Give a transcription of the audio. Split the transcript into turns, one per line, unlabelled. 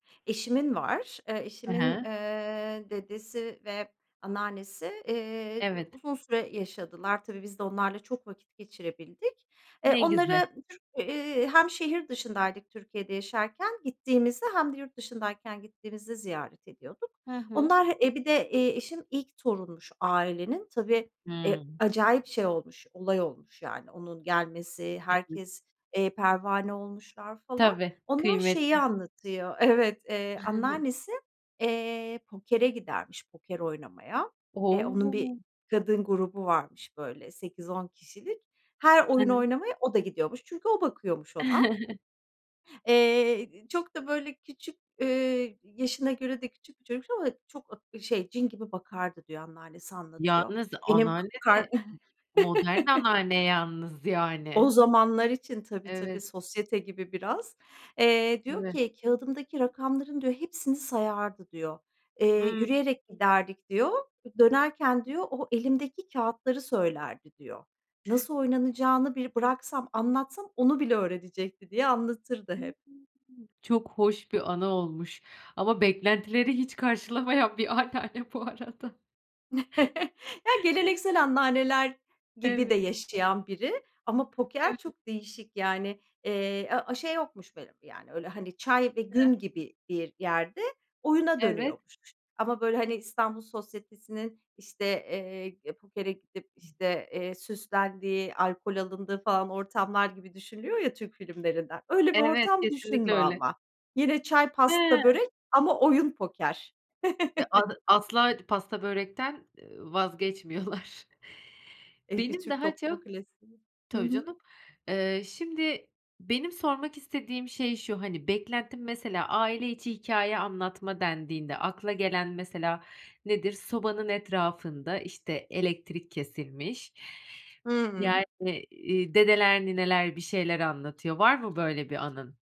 Eşimin var. Eee,
I
eşimin,
hı.
eee, dedesi ve anneannesi, eee, d
Evet.
uzun süre yaşadılar. Tabii biz de onlarla çok vakit geçirebildik. Eee,
Ne güze
onlara [unintelligible] eee, hem şehir dışındaydık, Türkiye'de yaşarken gittiğimizde, hem de yurt dışındayken gittiğimizde ziyaret ediyorduk.
Hı hı.
Onlar e bir de, eee, eşim ilk torunmuş ailenin. Tabii, e
Hımm.
acayip şey olmuş, olay olmuş yani onun gelmesi
Evet.
herkes, eee, pervane olmuşlar falan.
Tabii,
Onlar şeyi
kıymetli.
anlatıyor. Evet, eee, anneannesi, eee, pokere gidermiş, poker oynamaya. Eee, onun bir
O!
kadın grubu varmış, böyle, 8-10 kişilik. Her oyun
[unintelligible]
oynamaya, o da gidiyormuş çünkü o bakıyormuş ona. Eee, iii, çok da, böyle, küçük, eee, yaşına göre de küçük çocukmuş ama çok ak şey cin gibi bakardı diyor anneannesi anlatıyor.
Yalnız
Benim k
anneanne
kar
de modern anneanne yalnız
O
yani.
zamanlar için tabii, tabii,
Evet.
sosyete gibi biraz. Eee, diyor
Tabii.
ki, kağıdımdaki rakamların, diyor, hepsini sayardı, diyor. Eee,
Hımm.
yürüyerek giderdik diyor. Dönerken, diyor, o elimdeki kağıtları söylerdi, diyor. Nasıl oynanacağını bir bıraksam anlatsam onu bile öğrenecekti diye anlatırdı
Hımm.
hep.
Çok hoş bir anı olmuş, ama beklentileri hiç karşılamayan bir anneanne bu arada.
Ya geleneksel anneanneler gibi
Eve
de yaşayan biri ama
Ev
poker çok değişik yani, eee, a a şey yokmuş benim yani öyle, hani, çay ve gün
[unintelligible]
gibi bir yerde oyuna
Evet.
dönüyormuş ama, böyle, hani, İstanbul sosyetesinin işte, eee, pokere gidip işte, eee, süslendiği alkol alındığı falan ortamlar gibi düşünülüyor ya Türk filmlerinden. Öyle bir
Evet,
ortam
kesinlikle
düşünme
öyle.
ama. Yine çay,
He.
pasta, börek ama oyun poker.
E ad asla d pasta börekten, eee, vazgeçmiyorlar.
Eee, bir
Benim
Türk
daha
toplumu
çok
klasiği. Hı
tabii
hı.
canım, eee, şimdi benim sormak istediğim şey şu, hani, beklentim mesela aile içi hikâye anlatma dendiğinde, akla gelen mesela nedir sobanın etrafında, işte, elektrik kesilmiş,
Hımm.
yani, iii, dedeler nineler bir şeyler anlatıyor. Var mı böyle bir anın?